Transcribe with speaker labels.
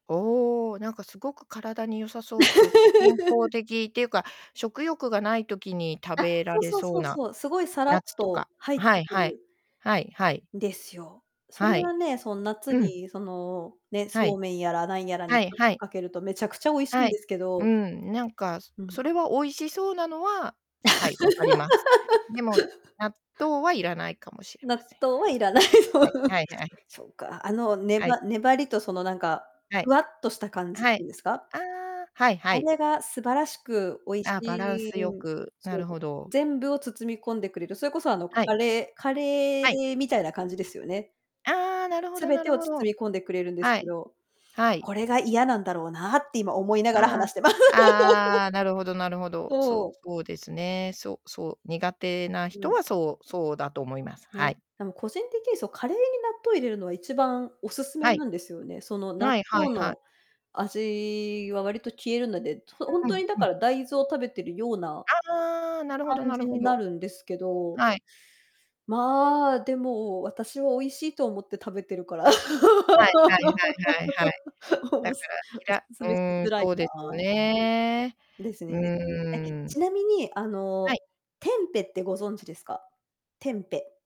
Speaker 1: おお、なんかすごく体に良さそうっていうか、健康 的っていうか、食欲がない時に食
Speaker 2: あ、
Speaker 1: べら
Speaker 2: そう
Speaker 1: れ
Speaker 2: そう
Speaker 1: そ
Speaker 2: そ
Speaker 1: う
Speaker 2: う
Speaker 1: な。
Speaker 2: そう、すごいさらっ
Speaker 1: 夏と
Speaker 2: と
Speaker 1: か
Speaker 2: 入っ
Speaker 1: は
Speaker 2: て
Speaker 1: い
Speaker 2: く
Speaker 1: はい。
Speaker 2: る
Speaker 1: はいはい。
Speaker 2: んですよ。そ
Speaker 1: は
Speaker 2: れ
Speaker 1: い。
Speaker 2: はね、そん夏
Speaker 1: うん。
Speaker 2: にその、ね、
Speaker 1: は
Speaker 2: そ
Speaker 1: い。
Speaker 2: うめんやらなんやらに
Speaker 1: は
Speaker 2: ち
Speaker 1: い
Speaker 2: ょっ
Speaker 1: は
Speaker 2: と
Speaker 1: い。
Speaker 2: かけると、めちゃくちゃ美味しい
Speaker 1: は
Speaker 2: んで
Speaker 1: い。
Speaker 2: すけ
Speaker 1: う
Speaker 2: ど。
Speaker 1: ん、なんか、そ
Speaker 2: うん。
Speaker 1: それは美味しそうなのは、はい、わかります。でも、納豆はいらないかもしれ
Speaker 2: 納
Speaker 1: ません。
Speaker 2: 豆はいらないと。
Speaker 1: はい、
Speaker 2: す
Speaker 1: はいはい。
Speaker 2: え、そうか、あの、ね
Speaker 1: はい。
Speaker 2: ば粘りとそのなんか、
Speaker 1: は
Speaker 2: ふ
Speaker 1: い。
Speaker 2: わっとした感じっ
Speaker 1: は
Speaker 2: ていう
Speaker 1: い。
Speaker 2: んですか？
Speaker 1: ああ、はいは
Speaker 2: あ
Speaker 1: い。
Speaker 2: れが素晴らしく美味し
Speaker 1: あ、バランス
Speaker 2: い
Speaker 1: 良
Speaker 2: うん。
Speaker 1: く、な
Speaker 2: そう、
Speaker 1: るほど。
Speaker 2: 全部を包み込んでくれる。それこそあの
Speaker 1: はい。
Speaker 2: カレーカレ
Speaker 1: はい。
Speaker 2: ーみたいな感じですよね？
Speaker 1: ああ、なるほど、
Speaker 2: 全
Speaker 1: な
Speaker 2: て
Speaker 1: る
Speaker 2: を
Speaker 1: ほろ。
Speaker 2: 包み込んでくれるんです
Speaker 1: は
Speaker 2: け
Speaker 1: い。
Speaker 2: ど、
Speaker 1: はい。
Speaker 2: これが嫌なんだろうなって、今思いながら
Speaker 1: あ
Speaker 2: 話
Speaker 1: あ。
Speaker 2: してま
Speaker 1: ああ、なるほどなるほど。そ
Speaker 2: そ
Speaker 1: う
Speaker 2: う。
Speaker 1: そうですね。そうそう、苦手な
Speaker 2: う
Speaker 1: 人
Speaker 2: ん。
Speaker 1: はそうそうだと思います。は
Speaker 2: ね、
Speaker 1: い。
Speaker 2: でも個人的にそう、カレーに納豆入れるのは一番おすすめ
Speaker 1: は
Speaker 2: な
Speaker 1: い。
Speaker 2: んですよね。その納
Speaker 1: はいはい
Speaker 2: 豆
Speaker 1: はい。
Speaker 2: の味は割と消えるので、とほん
Speaker 1: はい、
Speaker 2: とにだ
Speaker 1: は
Speaker 2: か
Speaker 1: い。
Speaker 2: ら大豆を食べてるような
Speaker 1: ああ、なるほど
Speaker 2: 感
Speaker 1: な
Speaker 2: じ
Speaker 1: るほ
Speaker 2: にな
Speaker 1: ど。
Speaker 2: るんですけど。
Speaker 1: はい。
Speaker 2: ま、でも、私は美味しいと思って食べてるから。
Speaker 1: はいはいはいはいはい。だ
Speaker 2: お
Speaker 1: か
Speaker 2: す
Speaker 1: ら、き
Speaker 2: お
Speaker 1: ら
Speaker 2: 勧
Speaker 1: う
Speaker 2: めし
Speaker 1: ーん、
Speaker 2: づらい
Speaker 1: そうですよ
Speaker 2: な。
Speaker 1: ね。
Speaker 2: うん。ですね
Speaker 1: う
Speaker 2: ですね。え、
Speaker 1: ん。
Speaker 2: ちなみに、あ
Speaker 1: は
Speaker 2: の、
Speaker 1: い。
Speaker 2: テンペってご存知ですか？テンペ。